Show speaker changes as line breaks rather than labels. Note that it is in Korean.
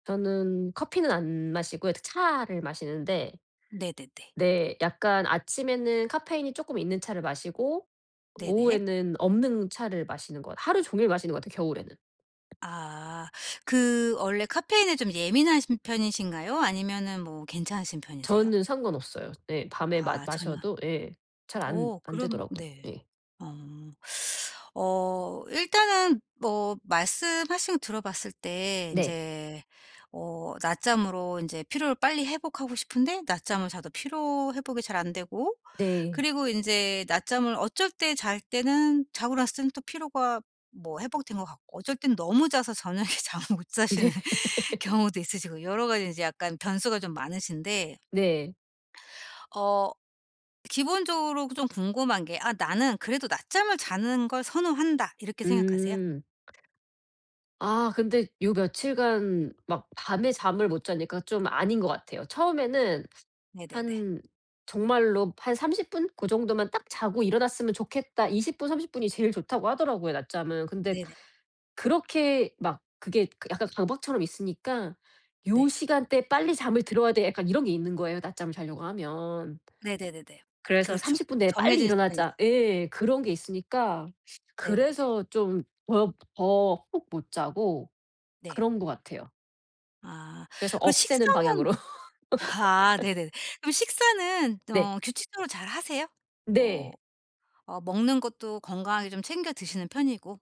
저는 커피는 안 마시고요. 이렇게 차를 마시는데
네네네.
네. 약간 아침에는 카페인이 조금 있는 차를 마시고
네네.
오후에는 없는 차를 마시는 것 하루 종일 마시는 것 같아요, 겨울에는.
아 그 원래 카페인에 좀 예민하신 편이신가요? 아니면은 뭐 괜찮으신 편이세요?
저는 상관 없어요. 네. 밤에 마
아, 전혀
마셔도 예. 잘 안
어
안
그럼
되더라고요.
네.
예.
어 어 일단은 뭐 말씀하신 거 들어봤을 때
네.
인제 어 낮잠으로 인제 피로를 빨리 회복하고 싶은데 낮잠을 자도 피로 회복이 잘 안 되고
네.
그리고 인제 낮잠을 어쩔 때 잘 때는 자고 났을 때는 또 피로가 뭐 회복된 것 같고 어쩔 땐 너무 자서 저녁에 잠을 못
네.
자시는 경우도 있으시고 여러 가지 이제 약간 변수가 좀 많으신데
네.
어 기본적으로 그 좀 궁금한 게 '아 나는 그래도 낮잠을 자는 걸 선호한다.' 이렇게 생각하세요?
음. 아 근데 요 며칠 간 막 밤에 잠을 못 자니까 좀 아닌 것 같아요. 처음에는
네네네.
한 정말로 '한 30 분? 고 정도만 딱 자고 일어났으면 좋겠다.' 20 분 30 분이 제일 좋다고 하더라고요, 낮잠은. 근데
네네.
그렇게 막 그게 약간 강박처럼 있으니까 '요
네.
시간대에 빨리 잠을 들어야 돼.' 약간 이런 게 있는 거예요, 낮잠을 자려고 하면.
네네네네.
그래서
그렇죠.
'30 분 내에 빨리
정해진 시간이
일어나자.' 예, 그런 게 있으니까
네네네.
그래서 좀 법 더 푹 못 자고
네.
그런 것 같아요.
아
그래서
그리고
없애는
식사는
방향으로.
아 네네네. 그럼 식사는
네.
어 규칙적으로 잘 하세요?
네.
뭐 어 먹는 것도 건강하게 좀 챙겨 드시는 편이고.